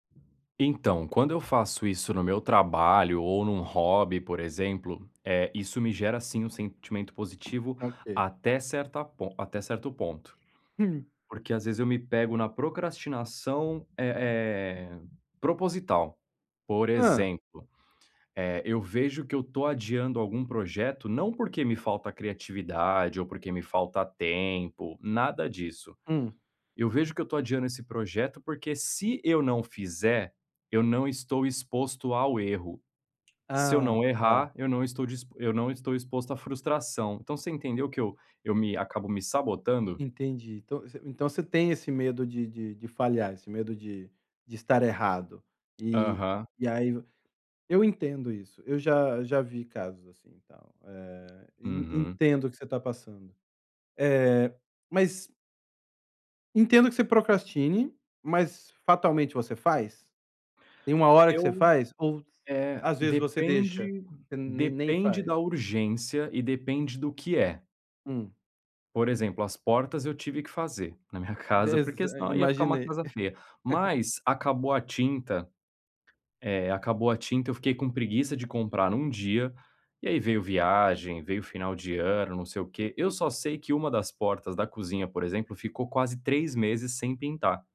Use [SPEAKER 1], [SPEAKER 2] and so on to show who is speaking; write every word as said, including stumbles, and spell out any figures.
[SPEAKER 1] Então, quando eu faço isso no meu trabalho ou num hobby, por exemplo, eh, isso me gera sim um sentimento positivo
[SPEAKER 2] Tá, ok.
[SPEAKER 1] até certa pon até certo ponto.
[SPEAKER 2] Hum.
[SPEAKER 1] Porque, às vezes, eu me pego na procrastinação, eh eh, proposital. Por
[SPEAKER 2] Hã.
[SPEAKER 1] exemplo, eh, eu vejo que eu tô adiando algum projeto não porque me falta criatividade ou porque me falta tempo, nada disso.
[SPEAKER 2] Hum.
[SPEAKER 1] Eu vejo que eu tô adiando esse projeto porque se eu não fizer, eu não estou exposto ao erro. Se eu
[SPEAKER 2] Ah,
[SPEAKER 1] não
[SPEAKER 2] tá.
[SPEAKER 1] errar, eu não estou dis eu não estou exposto à frustração. Então você entendeu que eu eu me acabo me sabotando.
[SPEAKER 2] Entendi. Então você então você tem esse medo de de de falhar, esse medo de de estar errado e
[SPEAKER 1] Aham.
[SPEAKER 2] e aí e eu entendo isso. Eu já já vi casos, assim, e tal, eh, e e
[SPEAKER 1] Uhum.
[SPEAKER 2] entendo o que você tá passando. Eh, mas Entendo que você procrastine, mas fatalmente você faz? Tem uma hora que você
[SPEAKER 1] Eu
[SPEAKER 2] faz ou
[SPEAKER 1] eh,
[SPEAKER 2] às vezes, você deixa?
[SPEAKER 1] depende
[SPEAKER 2] Você nem nem
[SPEAKER 1] depende
[SPEAKER 2] faz?
[SPEAKER 1] da urgência e depende do que é.
[SPEAKER 2] Hum.
[SPEAKER 1] Por exemplo, as portas eu tive que fazer na minha casa porque
[SPEAKER 2] Exa é
[SPEAKER 1] senão ia ficar uma
[SPEAKER 2] imaginei.
[SPEAKER 1] casa feia. Mas acabou a tinta eh, acabou a tinta eu fiquei com preguiça de comprar em um dia, e aí veio viagem, veio final de ano, não sei o quê, eu só sei que uma das portas da cozinha, por exemplo, ficou quase três meses sem pintar.